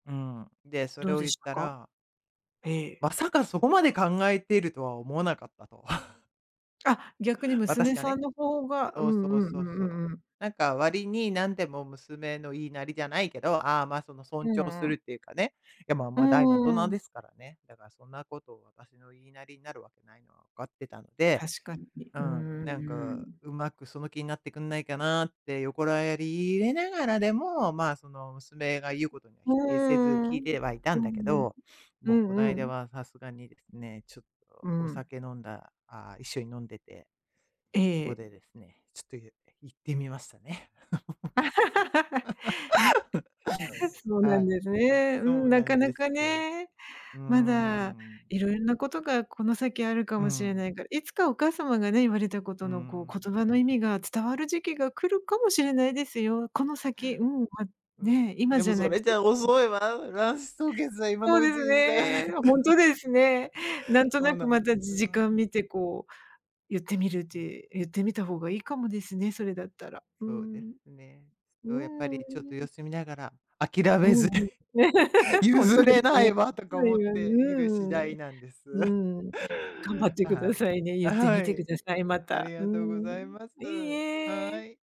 うん、で、そどれうをで言っしたたか？らええ。「まさかそこまで考えてるとは思わなかった」とあ、逆に私娘がさね、んの方が、うそうん、そううん、そうそうう。んうんうん。なんか割に、何でも娘の言いなりじゃないけど、ああ、まあ、その尊う重んすうるん。っていうかね。いやまあ、うま、大の大ー人ん。ですからね、だか、そんなこと私の言いなりになるわけないのは分かってたので確かに、ううーん、ん、なんうかん。うまくその気になってくんないかなって横やり入れながらでも、ま、その、娘が言うことにはふ、う否定せず聞いん。てはいたんうだけんうん。ど、うもうこなんいうだん。はさすがにですね、ちょっうとおん。酒飲んだああ、一緒に飲んでて、えそこえ。でですね、ちょっとゆって言ってみましたね。そうなはんい。ですね、うそん、うななかんなですかよ。ね。うーまだん。色々なことがこの先あるかうもしれなん。いから、いつかお母様がね、言われたこうとのこん。う、言葉の意味が伝わる時期が来るかもしれないですよ、この先。うん、ま、うね、ん、今でじもゃそなくれじてゃあも遅ね。いわ。卵子凍結は、今そのううでちすにさね。ほたんらとですね。なんとそうななくんでまたすじ時わ間ん。見てこう、ゆってみるってゆってみた方がいいかもですね、それだったら、うそうですん。ね。う〜そう、やっぱん、うりちょっと様ん。子見ながら、諦うめずに、んうん。ほん譲とでれすないね、わ、と か思っうている次んうん、第ね、なんです。うん。頑張ってあ、くはだい。さいね。ゆあ、ってはみてくい。ださい、まありた。うがとうごん。ざいます、いいはえ。い。